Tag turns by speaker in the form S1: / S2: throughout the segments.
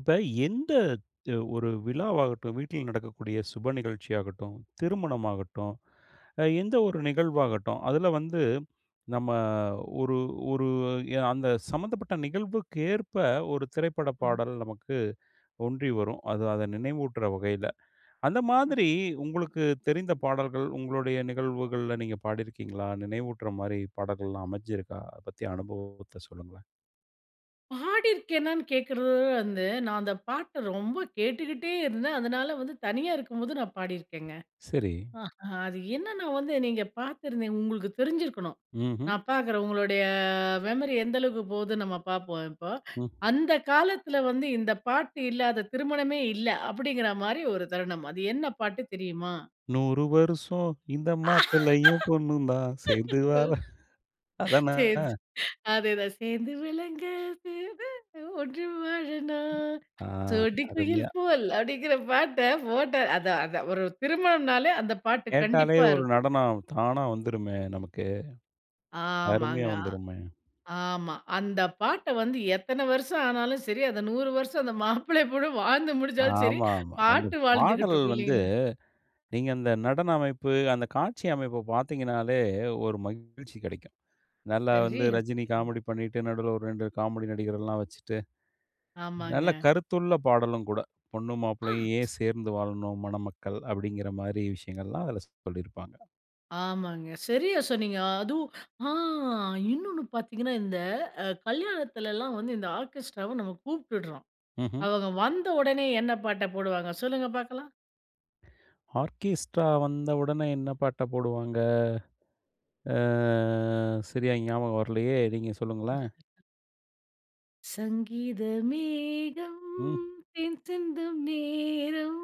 S1: இப்ப எந்த த் ஒரு விழாவாகட்டும், வீட்டில் நடக்கக்கூடிய சுப நிகழ்ச்சியாகட்டும், திருமணமாகட்டும், அ எந்த ஒரு நிகழ்வாகட்டும். அதில வந்து நம்ம ஒரு ஒரு ய அந்த சம்மந்தப்பட்ட நிகழ்வுக்கேற்ப ஒரு திரைப்பட
S2: ம்.
S1: பாடல் நமக்கு ஒன்றி வரும், அது அத நினைவூட்டுற வகையில. அந்த மாதிரி
S2: அப்
S1: உங்களுக்கு தெரிந்த பாடல்கள், உங்களுடைய நிகழ்வுகள்ல நீங்க பாடியிருக்கீங்களா? நினைவூட்டுற மாரி பாடல்கள்லாம் அமஞ்சிருக்கா? அதை பத்திய அனுபவத்தை சொல்லுங்க.
S2: பாடியிருக்கேனான்னு கேட்கிறது வ வ வந்து, நான் அந்த பாட்ட ரொம்ப கேட்டுக்கிட்டே இருந்தேன். அதனால வந்து தனியா இருக்கும்போது நான் பாடியிருக்கேங்க.
S1: சரி.
S2: அ அது என்னன்னா வந்து நீங்க பாத்திருந்தீங்க உங்களுக்கு தெரிஞ்சிருக்கணும்
S1: ம்ஹ்ம்.
S2: நான் பாக்குறன் உங்களுடைய மெமரி எந்த அளவுக்கு போதுன்னு நம்ம பார்ப்போம் இப்போ.
S1: ம்.
S2: அந்த காலத்தில வந்து இந்த பாட்டு இல்லாத திருமணமே இல்ல அப்படிங்கிற மாரி ஒரு தருணம். அது என்ன பாட்டு தெரியுமா?
S1: "100 வருஷம் இந்த மாப்பிள்ளையும் பொண்ணும் தான் சேர்ந்து
S2: சரி
S1: வர" அதான?
S2: சரி அதேதான் "சேர்ந்து விளங்க [unintelligible] ஒன்றி வாழனும்,
S1: ஆ.
S2: சோடி குயில்
S1: அருமையா.
S2: போல்" அப்படிங்கிற பாட்ட போட்ட அதான் அதான். ஒரு திருமணம்னாலே அந்த பாட்டு
S1: கேட்டாலே
S2: கண்டிப்பா
S1: ஒரு
S2: இருக்கும்.
S1: நடனம் தானா வந்துருமே நமக்கு.
S2: ஆமாங்க.
S1: அருமையா
S2: அ
S1: வந்துருமே.
S2: ஆமா. அந்த பாட்ட வந்து எத்தன வருஷம் ஆனாலும் சரி, அதை 100 வருஷம் அந்த மாப்பிள்ளை, பொண்ணும் வாழ்ந்து முடிச்சாலும் சரி,
S1: ஆமாமா. அந்த
S2: பாட்டு
S1: பாடல்
S2: வாழ்ந்துகிட்ருக்கும்
S1: வந்து,
S2: இல்லைங்களா?
S1: நீங்க அந்த நடன அமைப்பு, அந்த காட்சி அமைப்ப பார்த்தீங்கன்னாலே, ஒரு மகிழ்ச்சி கிடைக்கும். நல்லா வந்து
S2: சரியா
S1: ரஜினி
S2: சொன்னீங்க.
S1: காமெடி பண்ணிட்டு, நடுவுல ஒரு 2 காமெடி நடிகர் எல்லாம் வச்சிட்டு நல்ல
S2: ஆமாங்க.
S1: கருத்துள்ள பாடலும் கூட. பொண்ணும் மாப்ளையும்
S2: ஆ.
S1: ஏன் சேர்ந்து வாழனும்? மணமக்கள். அப்படிங்கிற மாரி விஷயங்கள்லாம் அதில சொல்லிருப்பாங்க.
S2: ஆமாங்க, சரியா சொன்னீங்க. அதுவும் ஆ இன்னொன்னு பாத்தீங்கன்னா, இந்த அ கல்யாணத்துலல்லாம் வந்து இந்த ஆர்கெஸ்ட்ராவ நம்ப கூப்பிடுறோம்.
S1: ம்ஹ்ம்.
S2: அவங்க வந்த உடனே என்ன பாட்ட போடுவாங்க? சொல்லுங்க பார்க்கலாம்.
S1: ஆர்கெஸ்ட்ரா வந்த உடனே என்ன பாட்ட போடுவாங்க? ஆ சரியா ஞாபகம் வரலயே நீங்க
S2: ம்.
S1: சொல்லுங்களேன்!
S2: "சங்கீத மேகம்
S1: ம்.
S2: தேன் சிந்தும் நேரம்,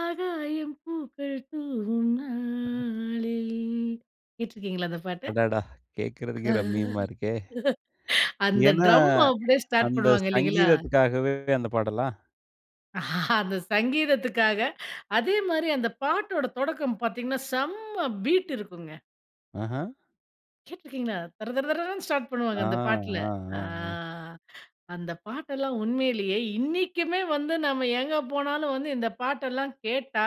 S2: ஆகாயம் பூக்கள் தூவும்
S1: ம்ஹ்ம்.
S2: நாளில்" கேட்டுருக்கிறீங்களா அந்த பாட்ட?
S1: அடடா! கேக்குறதுக்கே ரம்யமா இருக்கே.
S2: அந்த
S1: ஏன்னா,
S2: ட்ரம்
S1: அ
S2: அப்படியே ஸ்டார்ட்
S1: அந்த
S2: பண்ணுவாங்க இல்லிங்களா?
S1: சங்கீதத்துக்காகவே அந்த பாடலா?
S2: அந்த சங்கீதத்துக்காக, அதேமாதிரி அந்த பாட்டோட தொடக்கம் பாத்தீங்கன்னா, செம்ம பீட் இருக்குங்க.
S1: ஆஹ்ம்.
S2: கேட்டுருக்கீங்களா? தர, தர, தரன்னு, ஸ்டார்ட் பண்ணுவாங்க
S1: ஆ.
S2: அந்த பாட்டுல.
S1: அ, அ,
S2: அ
S1: அ.
S2: அந்த பாட்டெல்லாம் உண்மையிலேயே இன்னைக்குமே வந்து நம்ப எங்க போனாலும் வந்து இந்த பாட்டெல்லாம் கேட்டா,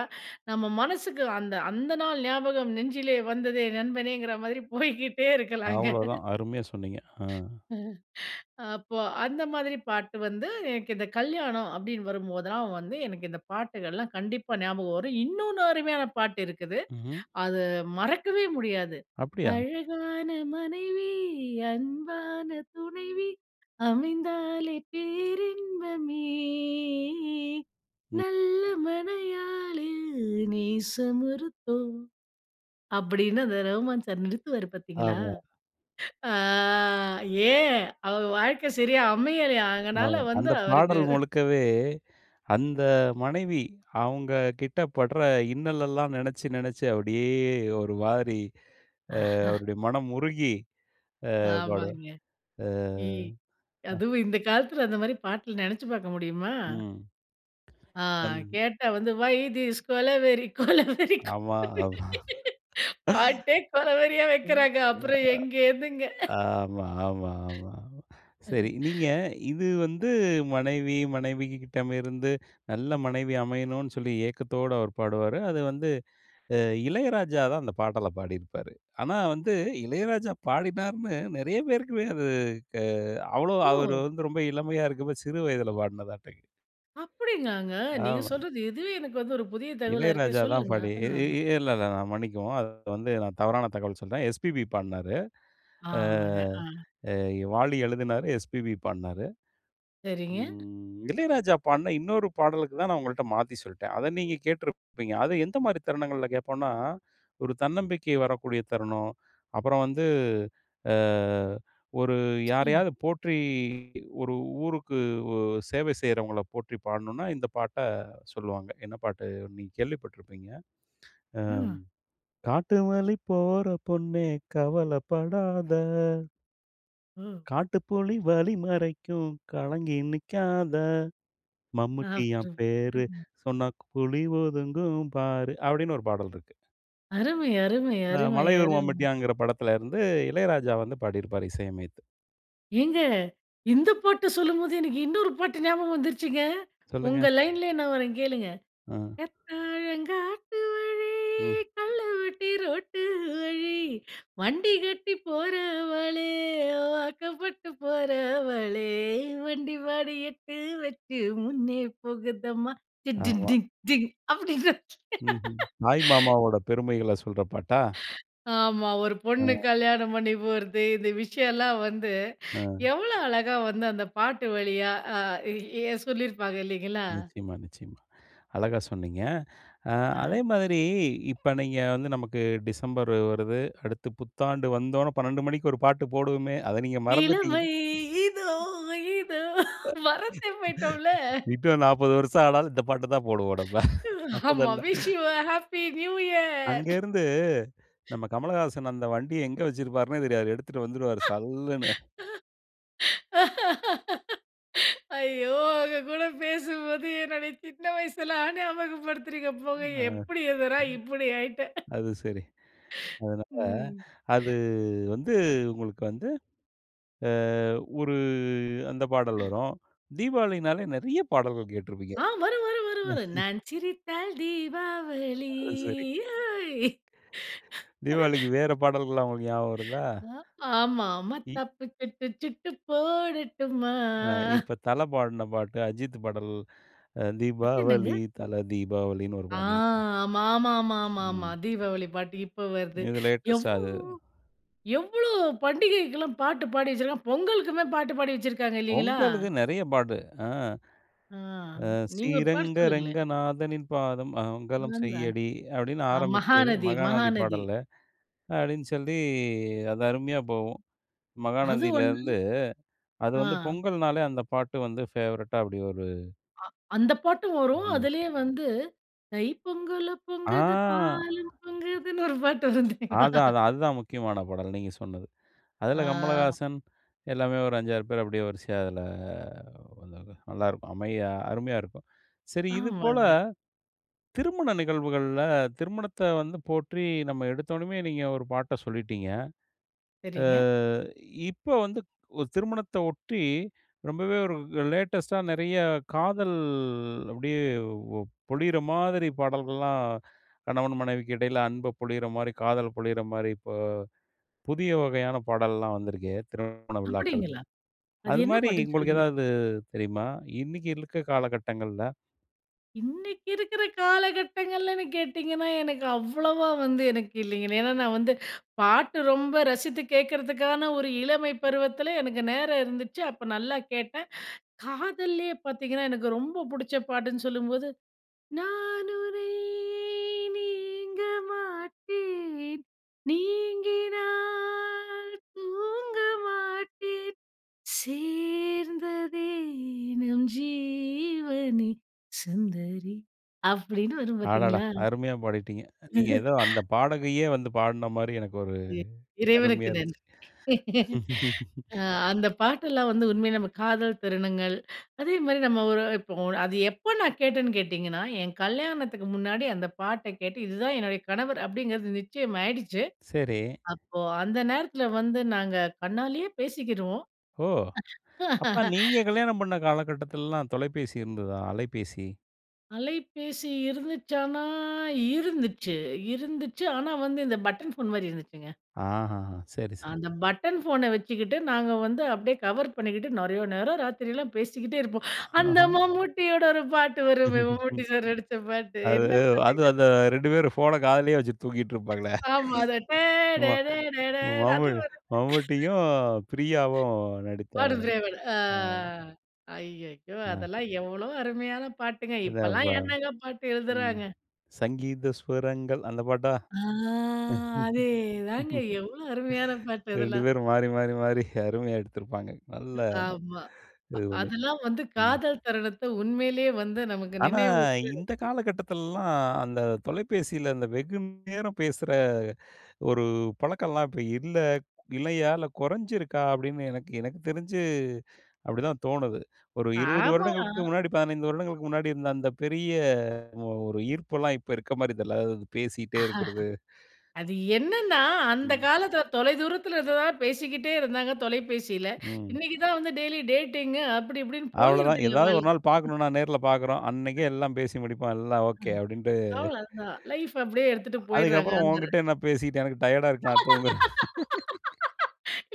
S2: நம்ம மனசுக்கு, அந்த, அந்த நாள் ஞாபகம் நெஞ்சிலே வந்ததே நண்பனேங்கிற மாரி போய்க்கிட்டே இருக்கலாங்க.
S1: அவ்வளோவு தான். அருமையா சொன்னீங்க. ஆ.
S2: அப்போ அந்த மாதிரி பாட்டு வந்து எனக்கு இந்த கல்யாணம் அப்படின்னு வரும்போதெல்லாம் வந்து எனக்கு இந்த பாட்டுகள்லாம் கண்டிப்பா ஞாபகம் வரும். இன்னொன்னு அருமையான பாட்டு இருக்குது,
S1: ம்ஹ்ம்.
S2: அத மறக்கவே முடியாது.
S1: அப்படியா?
S2: "அழகான மனைவி, அன்பான துணைவி, அமைந்தாலே பேரின்பமே.
S1: ம்.
S2: நல்ல மணயாளில் நேசமொருத்தோ" அப்படின்னு அந்த ரகுமான் சார் நிறுத்துவாரு பாத்தீங்களா?
S1: ஆமா.
S2: அ ஏன், அவர் வாழ்க்க சரியா அமையலையாம், அதனால
S1: ஆமா.
S2: வந்து
S1: அந்த
S2: அவருக்கு
S1: பாடல் முழுக்கவே, அந்த மனைவி, அவங்ககிட்ட படுற இன்னலெல்லாம் நினைச்சு, நினைச்சு அப்படியே ஒரு மாரி ஆ அவருரோட மனம் உருகி, ஆ பாடுவார்.
S2: ஆமாங்க,
S1: ஆ.
S2: இ
S1: அ.
S2: அதுவும் இந்த காலத்துல அந்த மாரி பாட்ட நினைச்சு பார்க்க முடியுமா?
S1: ம்.
S2: ஆ,
S1: அந்
S2: கேட்டா வந்து "ஓய் திஸ் கொலவெறி, கொலவெறி,
S1: ஆமா,
S2: கொலவெறி?"
S1: ஆமா.
S2: பாட்டே கொல வெறியா வைக்கிறாங்க. அப்புறம் எங்கேந்துங்க?
S1: அ ஆமா ஆமா ஆமா. சரி நீங்க இது வந்து மனைவி, மனைவிகிட்டமிருந்து நல்ல மனைவி அமையணும்னு சொல்லி ஏக்கத்தோட அவர் பாடுவாரு. அது வந்து, அ இளையராஜா தான் அந்த பாடல பாடியிருப்பாரு. ஆனா, வந்து இளையராஜா பாடினாருனு நிறைய பேருக்குமே அது க அவ்வளாவா அவர்
S2: ஓ!
S1: வந்து ரொம்ப இளமையா இருக்கப்ப, சிறு வயதுல பாடுன பாட்டு
S2: அப்படியாங்க? நீங்க
S1: ஆமா.
S2: சொல்றது இதுவே எனக்கு வந்து ஒரு புதிய தகவலா இருக்கு.
S1: இளையராஜா தான்
S2: சொல்லுங்க.
S1: பாடி இ
S2: அ.
S1: இ இல்ல இல்ல நான் மன்னிக்கவும். அது வந்து நான் தவறான தகவல் சொல்றேன். எஸ்பிபி பாடுனாரு. அ
S2: ஆமாங்க. அ.
S1: அ எ வாலி எழுதுனாரு, எஸ்பிபி பாடுனாரு.
S2: சரிங்க.
S1: ம் இளையராஜா பாடுன இன்னொரு பாடலுக்கு தான் நான் உங்கள்கிட்ட மாத்தி சொல்லிட்டேன். அத நீங்க கேட்டுருப்பீங்க, அத எந்த மாரி தருணங்கள்ல கேட்போம்னா? ஒரு தன்னம்பிக்கை வரக்கூடிய தருணம். அப்புறம் வந்து, அ ஒரு
S2: சொல்லுங்க.
S1: யாரையாவது போற்றி ஒரு ஊருக்கு ஓ சேவை செய்கிறவங்கள போற்றி பாடணுனா இந்த பாட்ட சொல்லுவாங்க. என்ன பாட்டு! நீங்க கேள்விப்பட்டுருப்பீங்க. ம்
S2: ம்.
S1: "காட்டு வழி போற பொண்ணே கவலைப்படாத."
S2: ம்.
S1: காட்டுப்புலி வழி மறைக்கும், கலங்கி நிக்காத. மம்முட்டியான் பேரு!
S2: [unintelligible]
S1: சொன்னா, க் புலி ஒதுங்கும் பாரு! அப்டின்னு ஒரு பாடல் இருக்கு.
S2: அருமை! அருமை!
S1: அ
S2: அருமை!
S1: மலையூர்
S2: அருமை!
S1: மம்முட்டியான்ங்கிற படத்துல இருந்து, 'இளையராஜா' வந்து பாடிருப்பாரு, இசை அமைத்து.
S2: ஏங்க! இந்த பாட்டு சொல்லும்போது, எனக்கு இன்னொரு பாட்டு ஞாபகம் வந்துருச்சுங்க. உங்க
S1: சொல்லுங்க.
S2: லைன்லயே நான் வர்றேன் கேளுங்க!
S1: அ.
S2: "கத்தலங்காட்டுவழி,
S1: ம்.
S2: கல்லுவட்டி ரோட்டு வழி, வண்டி கட்டி போறவளே, வாக்கப்பட்டு போறவளே, வண்டி மாடு எட்டு வச்சு முன்னே போகுதம்மா! டி டி
S1: ஆமா.
S2: டி டிங்! அப்டின்னு.
S1: ம்ஹ்ம். தாய் மாமாவோட பெருமைகள சொல்ற பாட்டா?
S2: ஆமா. ஒரு
S1: அ.
S2: பொண்ணு கல்யாணம் பண்ணி போறது, இந்த விஷயலாம் வந்து
S1: அ.
S2: எவ்ளோ அழகா வந்து அந்த பாட்டு வழியா, அ எ சொல்லிருப்பாங்க இல்லீங்களா?
S1: நிச்சயமா நிச்சயமா. அழகா சொன்னீங்க. அ
S2: அ.
S1: அதே மாதிரி, இப்ப நீங்க வந்து நமக்கு டிசம்பர் வருது, அடுத்து புத்தாண்டு வந்தோன்ன 12 மணிக்கு ஒரு பாட்டு போடுவோமே! அத நீங்க மறந்துட்டீங்க.
S2: இளமை இதோ! இதோ! மரந்தே போயிட்டோம்ல!
S1: இன்னும் 40 வருஷம் ஆனாலும் இந்த பாட்டு தான் போடுவோம் நம்ம.
S2: ஆமா
S1: மொதல்ல.
S2: விஷ் யு அ ஹப்பி நியூ இயர்.
S1: அங்கேர்ந்து நம்ம 'கமலஹாசன்' அந்த வண்டிய எங்க வச்சிருப்பாருனே தெரியாது. எடுத்துட்டு வந்துருவாரு சல்லுன்னு.
S2: ஐயோ! உங்க கூட பேசும்போது, என்னோட சின்ன வயசலாம் ஞாபகப்படுத்துறீங்க போங்க.
S1: ம். அ. ம்.
S2: எப்டி இருந்த நா, இப்டி ஆயிட்டே.
S1: அது சரி. அதனால,
S2: ம்.
S1: அது, வந்து உங்களுக்கு வந்து, அ, ஒரு அந்த பாடல் வரும். தீபாவளினாலே நெறைய பாடல்கள் கேட்டுருப்பீங்க!
S2: அ வரும் வரும் வரும் வரும். நான் சிரித்தால், தீபாவளி
S1: அது சரி.
S2: ஹோய்!
S1: தீபாவளிக்கு வேற பாடல்கள்லாம் உங்களுக்கு ஞாபகம் வருதா?
S2: ஆ ஆமா.
S1: இ
S2: மத்தாப்பு தப்பிச்சுட்டு சுட்டு போடட்டுமா.
S1: அ இப்ப தல பாடுன பாட்டு 'அஜித்து' பாடல், அ
S2: அது என்னங்க?
S1: தீபாவளி, தல தீபாவளின்னு ஒரு
S2: ஆ!
S1: பாடல்.
S2: மாமாமா ஆமா
S1: ம்.
S2: தீபாவளி பாட்டு இப்ப வருது.
S1: இது
S2: எவ்
S1: லேட்டஸ்டா அது.
S2: எவ்வளோ பண்டிகைக்குலாம் பாட்டு பாடி வச்சிருக்காங் பொங்கலுக்குமே பாட்டு பாடி வச்சிருக்காங்க இல்லீங்களா?
S1: பொங்கலுக்கு நெறைய பாட்டு அ.
S2: அ.
S1: அ
S2: நீங்க ஒரு பாட்டு
S1: ஸ்ரீரங்க
S2: சொல்லுங்களேன்.
S1: ரங்கநாதனின் பாதம் மங்கலம் செய்யடி அப்டின்னு
S2: [unintelligible] அ
S1: ஆரமிச்சு,
S2: மகாநதி,
S1: மகாநதி
S2: மகாநதி.
S1: பாடல்ல, அப்டின்னு சொல்லி அது அருமையா போகும்.
S2: அது
S1: மகாநதில
S2: ஒண்ணு.
S1: இருந்து, அது
S2: அ.
S1: வந்து பொங்கல்னாலே அந்த பாட்டு வந்து ஃபேவரெட்டா அப்படி ஒரு
S2: அ அந்த பாட்டும் வரும்,
S1: ம்ஹ்ம்.
S2: அதுலயே வந்து தைப்பொங்கலும், பொங்குது,
S1: ஆ!
S2: பாலும் பொங்குதுன்னு ஒரு பாட்டு வரும் தெரியுமா?
S1: அதான் அதான், அதுதான் முக்கியமான பாடல் நீங்க சொன்னது. அதுல
S2: ஆ.
S1: 'கமலஹாசன்' எல்லாமே ஒரு 5,6 பேர் அப்படியே வரிசையா அதுல வந்தாங்க. நல்லா இருக்கும் அமையா அருமையா இருக்கும். சரி இது போல,
S2: ஆமாங்க.
S1: திருமண நிகழ்வுகள்ல, திருமணத்த வந்து போற்றி நம்ம எடுத்தோனமே நீங்க ஒரு பாட்ட சொல்லிட்டீங்க. அ
S2: சரிங்க.
S1: இப்ப வந்து ஒ திருமணத்த ஒட்டி, ரொம்பவே ஒரு லேடஸ்டா நெறைய காதல் அப்டியே பொழிற மாதிரி பாடல்கள்லாம் கணவன் மனைவிக்கு இடையில அன்ப பொழியற மாதிரி காதல பொழியற மாதிரி இப்போ, புதிய வகையான பாடல்லாம் வந்துருக்கே திருமண விழாக்கள்ல.
S2: அப்படிங்களா? அது என்ன
S1: அதுமாரி
S2: பாட்டுன்னு
S1: உங்களுக்கு
S2: சொல்லுங்களே?
S1: எதாவது தெரியுமா? இன்னைக்கு இருக்க காலகட்டங்கள்ல?
S2: இன்னைக்கு இருக்கிற காலகட்டங்களில்ன்னு கேட்டீங்கன்னா, எனக்கு அவ்வளோவா வந்து எனக்கு இல்லைங்க. ஏன்னா, நான் வந்து பாட்டு ரொம்ப ரசித்து கேட்கறதுக்கான, ஒரு இளமை பருவத்திலே எனக்கு நேரம் இருந்துச்சு. அப்போ நல்லா கேட்டேன். காதல்லேயே பார்த்தீங்கன்னா, எனக்கு ரொம்ப பிடிச்ச பாட்டுன்னு சொல்லும்போது, "நான் உனை நீங்க மாட்டேன், நீங்கினால் தூங்க மாட்டேன், சேர்ந்ததே நம் ஜீவனே! சுந்தரி" அப்பிடின்னு வரும்
S1: அடடா!
S2: பார்த்தீங்களா?
S1: அருமையா பாடிட்டீங்க. நீங்க எதோ அந்த பாடகியே வந்து பாடுனமாரி எனக்கு ஒரு
S2: எ இறைவனுக்கு
S1: அருமையா இருந்துச்சு.
S2: நன்றி. அ அந்த பாட்டெல்லாம் வந்து உண்மையிலே நம்ம காதல் தருணங்கள், அதேமாரி நம்ம ஒரு இப்போ அது எப்போ நான் கேட்டேன்னு கேட்டீங்கன்னா, என் கல்யாணத்துக்கு முன்னாடி அந்த பாட்ட கேட்டு இதுதான் என்னுடைய கணவர் அப்பிடிங்கிறது நிச்சயமாயிடுச்சு.
S1: சரி.
S2: அப்போ அந்த நேரத்தில வந்து நாங்க கண்ணாலேயே பேசிக்கிருவோம்.
S1: ஓ! அப்ப நீங்க கல்யாணம் பண்ண காலகட்டத்துலல்லாம் தொலைபேசி இருந்ததா அலைபேசி?
S2: அலைபேசி இருந்துச்சான்னா இருந்துச்சு இருந்துச்சு. ஆனா வந்து இந்த பட்டன் ஃபோன் மாரி இருந்துச்சுங்க.
S1: ஆஹ. சரி, சரி.
S2: அந்த பட்டன் ஃபோனை வச்சுக்கிட்டு, நாங்க வந்து அப்படியே கவர் பண்ணிகிட்டு, நிறைய நேரம் ராத்திரலாம் பேசிக்கிட்டே இருப்போம்.
S1: ஆஹ.
S2: அந்த
S1: அ.
S2: மம்மூட்டியோட ஒரு பாட்டு வருமே, மம்மூட்டி சார் நடித்த பாட்டு
S1: அது
S2: என்ன
S1: அது
S2: பாட்டுங்க
S1: அந்த
S2: அது.
S1: 2 பேரும் ஃபோன காதுலேயே வச்சிட்டு தூங்கிட்டு இருப்பாங்களே.
S2: ஆமா. அது டே ட
S1: ஆமா.
S2: ட டே ட ட அது
S1: ம்ம்முட்டி
S2: வருங்க.
S1: மம்முட்டியும் பிரியாவும் நடித்த
S2: பாடு திரைவன். அ
S1: அ.
S2: ஐயய்யோ!
S1: அ.
S2: அதெல்லாம் எவ்வளோ அருமையான பாட்டுங்க.
S1: இந்த
S2: இப்போலாம்
S1: வே
S2: என்னங்க பாட்டு
S1: ம்.
S2: எழுதுறாங்க.
S1: "சங்கீத ஸ்வரங்கள்." அந்த பாட்டா?
S2: ஆ. அதேதாங்க. எவ்வளோ அருமையான பாட்டு
S1: 2
S2: அதெல்லாம்.
S1: பேரும் மாறி மாறி மாறி அருமையா எடுத்துருப்பாங்க.
S2: ம்.
S1: நல்லா
S2: ஆமா. அ
S1: இது பண்ணி.
S2: அதெல்லாம் வந்து
S1: ம்.
S2: காதல் தருணத்தை உண்மையிலே வந்து நமக்கு
S1: ஆனா.
S2: நினைவுற்று
S1: இந்த காலகட்டத்துலலாம். அந்த தொலைபேசியில அந்த வெகுநேரம் பேசுற ஒரு பழக்கோல்லாம் இப்ப இல்ல இல்லையா இல்ல குறைஞ்சிருக்கா அப்படின்னு எனக்கு எனக்கு தெரிஞ்சு அப்படிதான் தோணுது. ஒரு 20
S2: ஆமா.
S1: வருடங்களுக்கு முன்னாடி, 15 வருடங்களுக்கு முன்னாடி இருந்த அந்த பெரிய ஒரு ஈர்ப்புலாம் இப்ப இருக்க மாரி தெரில. அதாவது பேசிகிட்டே இருக்கற்து.
S2: அது என்னன்னா, அந்த
S1: ம்.
S2: காலத்தில தொலைதூரத்தில இருந்ததுனால பேசிக்கிட்டே இருந்தாங்க தொலைபேசியில,
S1: ம்.
S2: இன்னைக்கு தான் வந்து டெய்லி டேட்டிங் அப்படி இப்படின்னு
S1: அவ்ளோதான்.
S2: போயிருதுல்ல
S1: எதாவது ஒரு
S2: வாழ்க்
S1: நாள்
S2: [unintelligible]
S1: பார்க்கணும்னா நேர்ல பார்க்குறோம். அன்னைக்கே எல்லாம் பேசி முடிப்போம். எல்லாம்
S2: அ
S1: ஓகே அப்டின்ட்டு.
S2: அவ்வளோதான். லைஃப் அப்படியே எடுத்துட்டு
S1: அ அதுக்கு
S2: போயிடுறாங்க.
S1: அப்புறம்
S2: அந்த
S1: உன்கிட்ட என்ன பேசிக்கிட்டு, எனக்கு டயர்ட்டா இருக்கு. நான் தூங்குறேன்.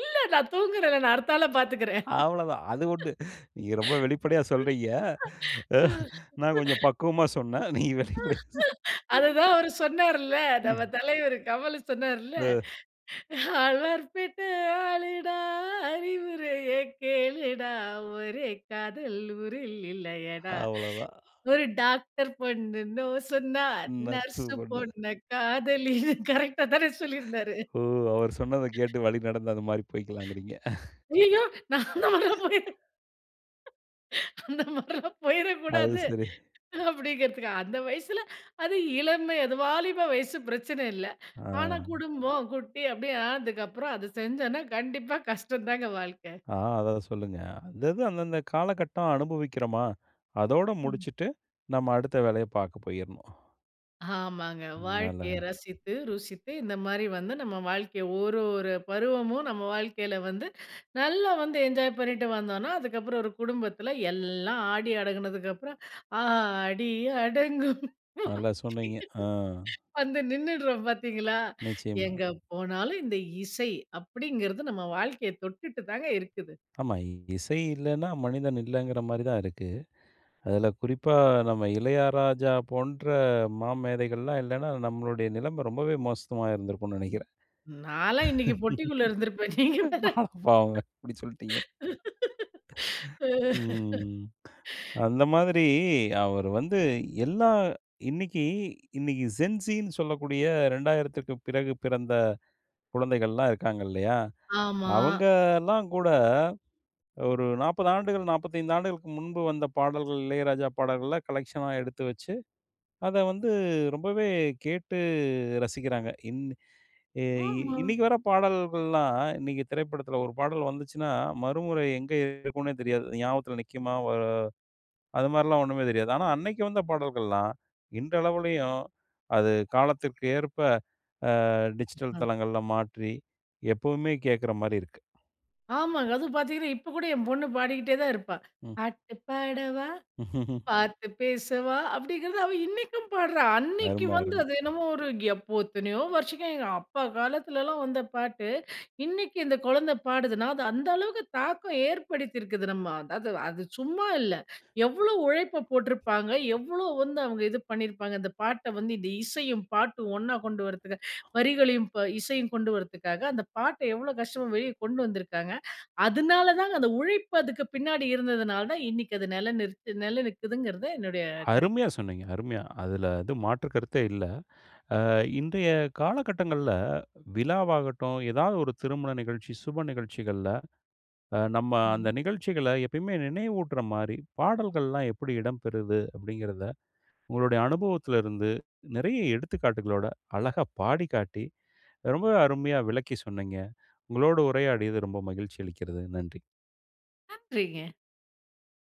S2: இல்ல, நான் தூங்குகிறேன்ல, நான் அடுத்தாள பார்த்துக்கிறேன்.
S1: அவ்வளோதான். அது உண்டு நீங்க ரொம்ப வெளிப்படையா சொல்றீங்க. அ
S2: ம்.
S1: நான் கொஞ்சம் பக்குவமா சொன்னேன். நீங்க வெளிப்படையா சொன்னீங்
S2: அதுதான் அவர் சொன்னார்ல, நம்ம
S1: ம்.
S2: தலைவரு கமலு சொன்னார்ல,
S1: அ.
S2: "அல்வார் பேட்ட ஆளுடா அறிவுரைய கேளுடா, ஒரே காதல் ஊரில் இல்லையடா.
S1: அவ்வளோதான்.
S2: ஒரு டாக்டர் பொண்ணு நோ சொன்னா,
S1: ம். நர்சு
S2: நர்சு
S1: பொண்ணு.
S2: பொண்ண காதலின்னு." கரெக்ட்டா தானே சொல்லியிருந்தாரு.
S1: ஓ! அவரு சொன்னத கேட்டு வழி நடந்து, அந்த மாரி போய்க்கலாங்கிறீங்க.
S2: ஐய்யயோ! நான் அந்த மாரிலா போயி அந்த மாரிலாம்
S1: அது
S2: போயிறக்கூடாது.
S1: சரி.
S2: அப்படிங்கிறதுக்கு அந்த வயசுல அது இளமை, அது வாலிப வயசு. பிரச்சனை இல்ல, ஆனா
S1: ஆ.
S2: குடும்பம், குட்டி அப்படி ஆனதுக்கப்புறம். அத செஞ்சோம்னா கண்டிப்பா கஷ்டம் தாங்க வாழ்க்க.
S1: ஆ. அத சொல்லுங்க. அது அது அந்தந்த காலகட்டம் அனுபவிக்கிறமா, அதோட
S2: ம்.
S1: முடிச்சுட்டு நம்ம அடுத்த வேலைய பார்க்க போயிறணும்.
S2: ஆமாங்க.
S1: நல்லா
S2: வாழ்க்கைய ரசித்து, ருசித்து, இந்த மாரி வந்து நம்ம வாழ்க்கைய 1 1 பருவமும் நம்ம வாழ்க்கையில வந்து, நல்லா வந்து என்ஜாய் பண்ணிட்டு வந்தோன்னா, அதுக்கப்பறம் 1 குடும்பத்தில எல்லாம் ஆடி அடங்குனதுக்கப்பறம், ஆடி அடங்கும்
S1: நல்லா சொன்னீங்க. அ.
S2: வந்து நின்னுடுறோம் பார்த்தீங்களா?
S1: நிச்சயமா.
S2: எங்க போனாலும், இந்த "இசை" அப்படிங்கிறது நம்ம வாழ்க்கைய தொட்டுட்டு தாங்க இருக்குது.
S1: ஆமா. இ இசை இல்லன்னா மனிதன் இல்லைங்கிற மாரி தான் இருக்கு. அதில குறிப்பா நம்ம இளையராஜா போன்ற மாமேதைகள்லாம் இல்லன்னா, நம்மளுடைய நிலமை ரொம்பவே மோசமாயிருந்திருக்கும்னு நெனைக்கிறேன்.
S2: நான் எல்லாம் இன்னைக்கு பொட்டிக்குள்ள இருந்திருப்பேன். நீங்க வேற.
S1: அடப்பாவமே! இப்படி சொல்ட்டீங்க. ம். அந்த மாதிரி அவர் வந்து எல்லாம் இன்னைக்கு, இன்னைக்கு ஜென்ஸின்னு சொல்லக்கூடிய, 2000த்துக்கு பிறகு பிறந்த குழந்தைகள்லாம் இருக்காங்க இல்லையா?
S2: ஆமா.
S1: அவங்கலாம் கூட, ஒரு 40 ஆண்டுகள் 45 ஆண்டுகளுக்கு முன்பு வந்த பாடல்கள், இளையராஜா பாடல்களா கலெக்ஷனா எடுத்து வச்சு, அத வந்து ரொம்பவே கேட்டு ரசிக்கிறாங்க. இன் எ இ
S2: ஆமா.
S1: இன்னைக்கு வர பாடல்கள்லாம் இன்னைக்கு திரைப்படத்தில 1 பாடல் வந்துச்சுன்னா, மறுமுறை எங்க இருக்கும்ன்னே தெரியாது. அது ஞாபகத்தில நிக்குமா? வ அதுமாதிரிலாம் ஒண்ணுமே தெரியாது. ஆனா அன்னைக்கு வந்த பாடல்கள்லாம், இன்றளவுலயும் அது காலத்துக்கு ஏற்ப, அ டிஜிட்டல்
S2: ம்.
S1: தளங்கள்ள மாற்றி, எப்பவுமே கேட்கிற மாரி இருக்கு.
S2: ஆமாங்க. அதுவும் பார்த்தீங்கன்னா, இப்ப கூட என் பொண்ணு பாடிக்கிட்டே தான் இருப்பா.
S1: ம்.
S2: "பாட்டு பாடவா! பார்த்து பேசவா!" அப்படிங்கிறத, அவ இன்னைக்கும் பாடுறா. அன்னைக்கு
S1: அரும,
S2: வந்து,
S1: அரும.
S2: அது என்னமோ ஒரு எப்போ எத்தனையோ வருஷம் எங்க அப்பா காலத்திலல்லாம் வந்த பாட்டு. இன்னைக்கு இந்த கொழந்தை பாடுதுன்னா, அது அந்த அளவுக்கு தாக்கம் ஏற்படுத்தியிருக்குது நம்ம அதாவது, அது சும்மா இல்ல. எவ்வளோ உழைப்ப போட்டிருப்பாங்க, எவ்வளோ வந்து அவுங்க இது பண்ணியிருப்பாங்க, இந்த பாட்டை வந்து இந்த இசையும், பாட்டும் ஒண்ணா கொண்டு வர்றதுக்கு. வரிகளையும் ப இசையும் கொண்டுவர்றதுக்காக. அந்த பாட்டை எவ்வளோ கஷ்டமா வெளிய கொண்டு வந்திருக்காங்க. அதுனால தாங்க, அந்த உழைப்பு அதுக்கு பின்னாடி இருந்ததனால தான், இன்னைக்கு அது நில நிறுத் நில நிக்குதுங்கிறது என்னுடைய கருத்து.
S1: அருமையா சொன்னீங்க. அருமையா. அதுல எதுவும் மாற்று கருத்தே இல்லை. "அ இன்றைய காலகட்டங்கள்ல, விழாவாகட்டும், எதாவது ஒரு திருமண நிகழ்ச்சி, சுப நிகழ்ச்சிகள்ல அ நம்ம அந்த
S2: சரிங்க.
S1: நிகழ்ச்சிகள எப்பயுமே நினைவூட்டுற மாரி, பாடல்கள்லாம் எப்படி இடம்பெறுது?" அப்படிங்கிறத, உங்களுடைய அனுபவத்தலிருந்து, நிறைய எடுத்துக்காட்டுகளோட, அழகா பாடிக்காட்டி, ரொம்பவே அருமையா விளக்கி சொன்னீங்க. உங்களோடு உரையாடியது ரொம்ப மகிழ்ச்சி அளிக்கிறது நன்றி.
S2: நன்றிங்க.